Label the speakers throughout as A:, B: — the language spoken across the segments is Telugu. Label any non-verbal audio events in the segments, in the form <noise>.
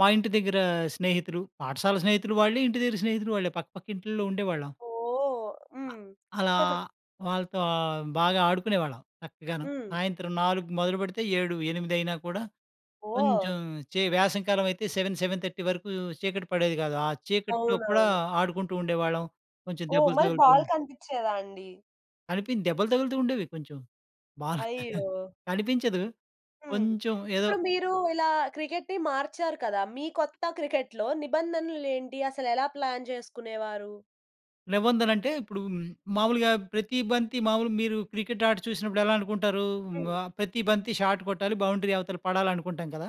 A: మా ఇంటి దగ్గరా స్నేహితులు పాఠశాల స్నేహితులు వాళ్ళే ఇంటి దగ్గర స్నేహితులు వాళ్ళే పక్క పక్క ఇంటిలో ఉండేవాళ్ళం.
B: ఓహ్!
A: అ
B: హ్మ్.
A: అలా
B: <chuckles>
A: వాళ్ళతో బాగా ఆడుకునేవాళ్ళం. చక్కగాను
B: హ్మ్.
A: సాయంత్రం 4 మొదలుపెడితే 7, 8 కూడా
B: ఓహ్!
A: కొంచెం చె వేసం కాలమైతే 7, 7:30 వరుకూ చీకటి పడేది గాదు. ఆ చీకట్లో కూడా
B: అవునవును.
A: ఆడుకుంటూ ఉండేవాళ్ళం కొంచెం
B: ఓహ్!
A: దెబ్బలు
B: మల్లి
A: తగులుతూ
B: బాల్ కనిపించేదా అండి?
A: అనిపి దెబ్బలు తగులుతూ ఉండేవి కొంచెం. బాగా
B: అయ్యో!
A: కనిపించదు.
B: హ్మ్.
A: కొంచుం ఏదో.
B: ఇప్పుడు మీరు ఇలా క్రికెట్‌ని మార్చారు కదా! మీ కొత్త క్రికెట్‌లో నిబంధనులేంటి? అసలు ఎలా ప్లాన్ చేసుకునేవారు?
A: లెవెన్దలంటే ఇప్పుడు మాములుగా ప్రతి బంతి మాములు మీరు క్రికెట్ ఆట చూసినప్పుడెలా అనుకుంటారూ
B: హ్మ్.
A: ఆహ్, ప్రతి బంతి షాట్ కొట్టాలి బౌండరీ అవతల పడాలనుకుంటాం కదా!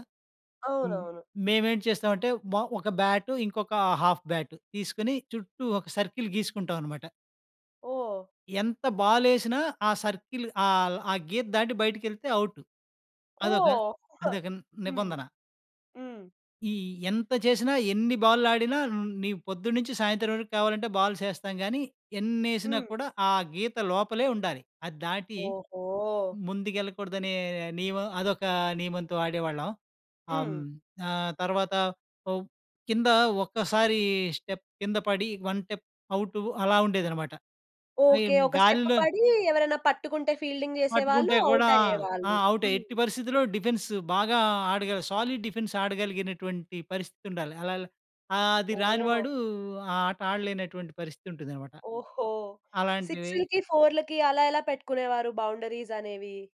A: హ్మ్.
B: అవునవును.
A: మేమేం చేస్తామంటే బ ఒక బ్యాటు ఇంకొక హాఫ్ బ్యాట్ తీసుకొని చుట్టూ ఒక సర్కిల్ గీసుకుంటామనమాట.
B: ఓహ్!
A: ఎంత బాలేసినా ఆ సర్కిల్ ఆహ్, ఆ గీత దాటి బయటికెళ్తే ఔట్. అదొక,
B: ఓహ్!
A: అదొక
B: హ్మ్.
A: నిబంధన.
B: హ్మ్.
A: ఈ ఎంత చేసినా ఎన్ని బాల్లాడినా ని పొద్దున్నుంచి సాయంత్రం వరుకు కావాలంటే బాల్సేస్తాం గానీ ఎన్నేసినా
B: హ్మ్.
A: కూడా ఆ గీత లోపలే ఉండాలి. అద్దాటి
B: ఓహో!
A: ముందుకెళ్ళకూడదనే నియమం అదొక నియమంతో ఆడేవాళ్ళం. ఆ‌మ్
B: హ్మ్.
A: ఆహ్, తర్వాత ఒ కింద ఒక్కసారీ స్టెప్ కింద పడి 1 స్టెప్ ఔటు అలా ఉండేదనమాట.
B: ఓకే.
A: అయిన్
B: ఒక స్టెప్
A: గాల్లో
B: పడీ ఎవరైనా పట్టుకుంటే ఫీల్డింగ్ చేసేవాళ్ళు
A: పట్టుకుంటే గూడా ఆ!
B: ఔటయ్యేవాళ్ళు.
A: ఔటే.
B: హ్మ్.
A: ఎట్టి పరిస్థితిలో డిఫెన్స్ బాగా ఆడగల సాలిడ్ డిఫెన్స్ ఆడగలిగినటువంటి పరిస్థితుండాలి అలల. ఆహ్, అది రాని
B: ఓహ్!
A: వాడు ఆ ఆట ఆడలేనటువంటి పరిస్థితుంటుందనమాట.
B: ఓహో!
A: అలాంటివి
B: 6, 4 అలా ఎలా పెట్టుకునేవారు బౌండరీసనేవి?